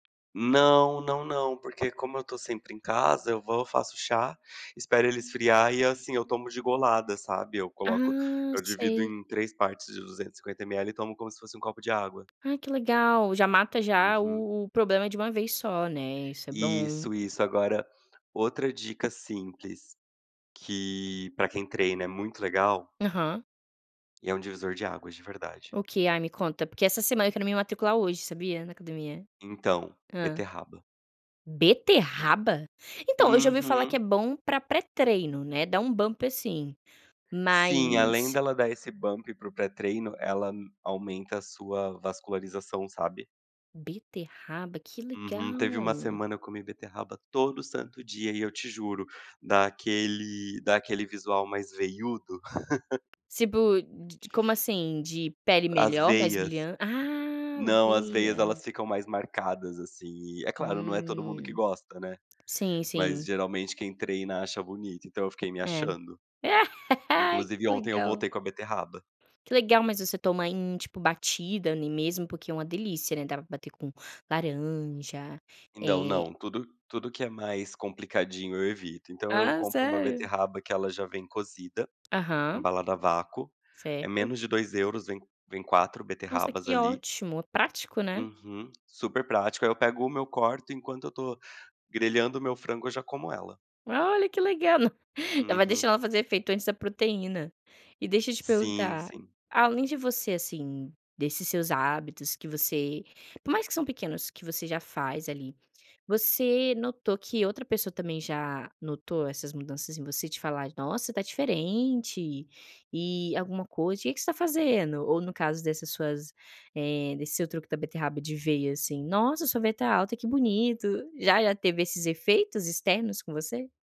Não não não porque como eu tô sempre em casa, eu vou, faço chá, espero ele esfriar e, assim, eu tomo de golada, sabe, eu coloco Ah, eu divido sei. em 3 partes de 250 mL e tomo como se fosse um copo de água. Ai, que legal. Já mata, já Uhum. o o problema de uma vez só, né, isso é bom. Isso isso. Agora, outra dica simples, que, pra quem treina é muito legal Aham. e é um divisor de águas, de verdade. O quê? Ai, me conta, porque essa semana quero me matricular hoje, sabia, na academia. Então, Hã. beterraba. Beterraba? Então eu já ouvi falar que é Uhum. bom pra pré-treino, né. Dá um bump, assim. Sim, além Mas dela dar esse bump para o pré-treino, ela m aumenta a sua vascularização, sabe. Beterraba, que Uhum. Teve uma legal! semana, eu comi beterraba todo santo dia e eu te juro, dá aquele dá aquele visual mais veiudo. Tipo de como assim? De pele As melhor, mais veias. brilhante ah! Não, as Vi, veias, é. elas ficam mais marcadas, assim, e é claro, não é todo mundo que Hum. gosta, né. Sim, Mas sim. geralmente quem treina acha bonito, então eu fiquei me É. achando. Inclusive Que ontem eu legal. voltei com a beterraba. Que legal, mas você toma em tipo, batida ali mesmo porque é uma delícia, né, dá pra bater com laranja, Não eh não, tudo tudo que é mais complicadinho, eu evito. Então eu Ah, compro uma sério? beterraba que ela já vem cozida, Aham. embalada à vácuo. É Certo. menos de 2€, vem vem 4 Nossa, beterrabas que ali. ótimo. Prático, né. Uhum. Super prático aí eu pego uma, eu corto enquanto eu tô grelhando o meu frango, eu já como ela. Olha, que legal! Já vai Uhum. deixando ela fazer efeito antes da proteína. E deixa eu te Sim, perguntar. sim. Além de você, assim, desses seus hábitos que você por mais que são pequenos, que você já faz ali, você notou que outra pessoa também já notou essas mudanças em você, de falar: "Nossa, tá diferente!" E alguma coisa "O que que você tá fazendo?". Ou no caso dessas suas, eh, desse seu truque da beterraba de veia, assim: "Nossa, sua veia tá alta. Que bonito". Já já teve esses efeitos externos com você?